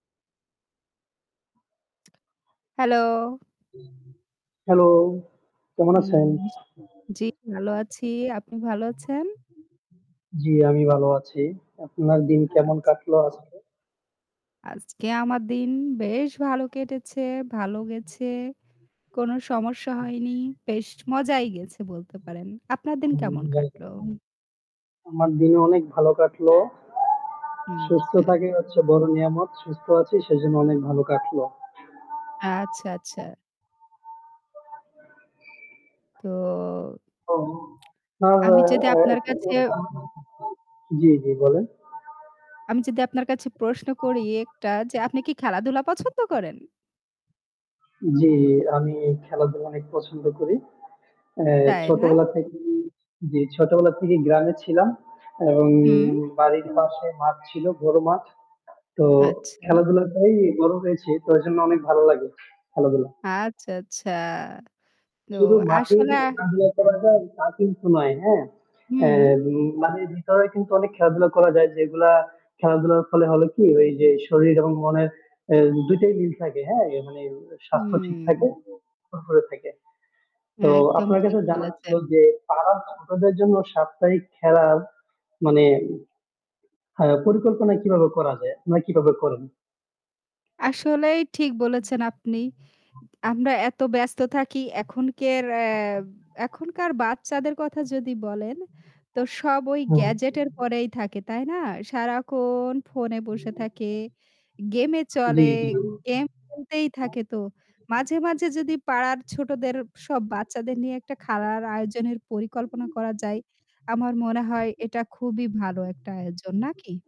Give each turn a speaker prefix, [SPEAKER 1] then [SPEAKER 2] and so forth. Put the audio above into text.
[SPEAKER 1] Hello!
[SPEAKER 2] Hello! কেমন আছেন?
[SPEAKER 1] জী ভালো আছি। আপনি ভালো আছেন?
[SPEAKER 2] জ্বী, আমি ভালো আছি। আপনার দিন কেমন
[SPEAKER 1] আচ্ছা।
[SPEAKER 2] কাটলো আজকে?
[SPEAKER 1] আজকে আমার দিন বেশ ভালো কেটেছে, ভালো গেছে। কোনো সমস্যা হয়নি, বেশ মজাই গেছে বলতে পারেন। আপনার দিন কেমন কাটল?
[SPEAKER 2] আমার দিনে অনেক ভালো কাটলো।
[SPEAKER 1] হু,
[SPEAKER 2] সুস্থ
[SPEAKER 1] আচ্ছা।
[SPEAKER 2] থাকাই হচ্ছে বড় নেয়ামত। সুস্থ আছি সেজন্য অনেক ভালো কাটল।
[SPEAKER 1] আচ্ছা, আচ্ছা। তো আমি যদি আপনার কাছে
[SPEAKER 2] [unintelligible] জ্বী, জ্বী বলেন।
[SPEAKER 1] আমি যদি আপনার কাছে প্রশ্ন করি একটা যে, আপনি কি খেলাধুলা পছন্দ করেন?
[SPEAKER 2] জ্বি আমি খেলাধুলা অনেক পছন্দ করি। অ্যা
[SPEAKER 1] তাই না?
[SPEAKER 2] ছোটবেলা থেকেই জি, ছোটবেলা থেকেই গ্রামে ছিলাম। এবং
[SPEAKER 1] হু।
[SPEAKER 2] বাড়ির পাশে মাঠ ছিল, গরু মাঠ। তো
[SPEAKER 1] আচ্ছা।
[SPEAKER 2] খেলাধুলাটেই বড় হয়েছি। তো এজন্য অনেক ভালো লাগে, খেলাধুলা।
[SPEAKER 1] আচ্ছা, আচ্ছা। তো
[SPEAKER 2] শুধু মাঠে যে
[SPEAKER 1] আসলে
[SPEAKER 2] খেলাধুলা করা যায় তা কিন্তু নয়, হ্যাঁ। অ্যা
[SPEAKER 1] হু।
[SPEAKER 2] মানে ভিতরে কিন্তু অনেক খেলাধুলা করা যায় যেগুলা খেলাধুলার ফলে হলো কি ওই যে শরীর এবং মনের অ্যা ২ টাই মিল থাকে। হ্যাঁ অ্যা মানে স্বাস্থ্য ঠিক থাকে,
[SPEAKER 1] হুম।
[SPEAKER 2] ফুরফুরে থাকে। তো
[SPEAKER 1] একদম
[SPEAKER 2] আপনার
[SPEAKER 1] ঠিক
[SPEAKER 2] কাছে জানা ছিল
[SPEAKER 1] বলেছেন।
[SPEAKER 2] যে পাড়ার ছোটদের জন্য সাপ্তাহিক খেলা মানে হ্যাঁ পরিকল্পনা কিভাবে করা যায়? আপনারা কিভাবে করেন?
[SPEAKER 1] আসলেই ঠিক বলেছেন আপনি। আমরা এত ব্যস্ত থাকি এখন কার আ আর এখনকার বাচ্চাদের কথা যদি বলেন, তো সব ওই
[SPEAKER 2] হুম।
[SPEAKER 1] গ্যাজেটের পরেই থাকে তাই না? সারাক্ষণ ফোনে বসে থাকে, গেমে চলে
[SPEAKER 2] জ্বী, জ্বী।
[SPEAKER 1] গেম খেলতেই থাকে। তো মাঝে, মাঝে যদি পাড়ার ছোটদের সব বাচ্চাদের নিয়ে একটা খেলার আয়োজনের পরিকল্পনা করা যায়, আমার মনে হয় এটা খুবই ভালো একটা আয়োজন, নাকি?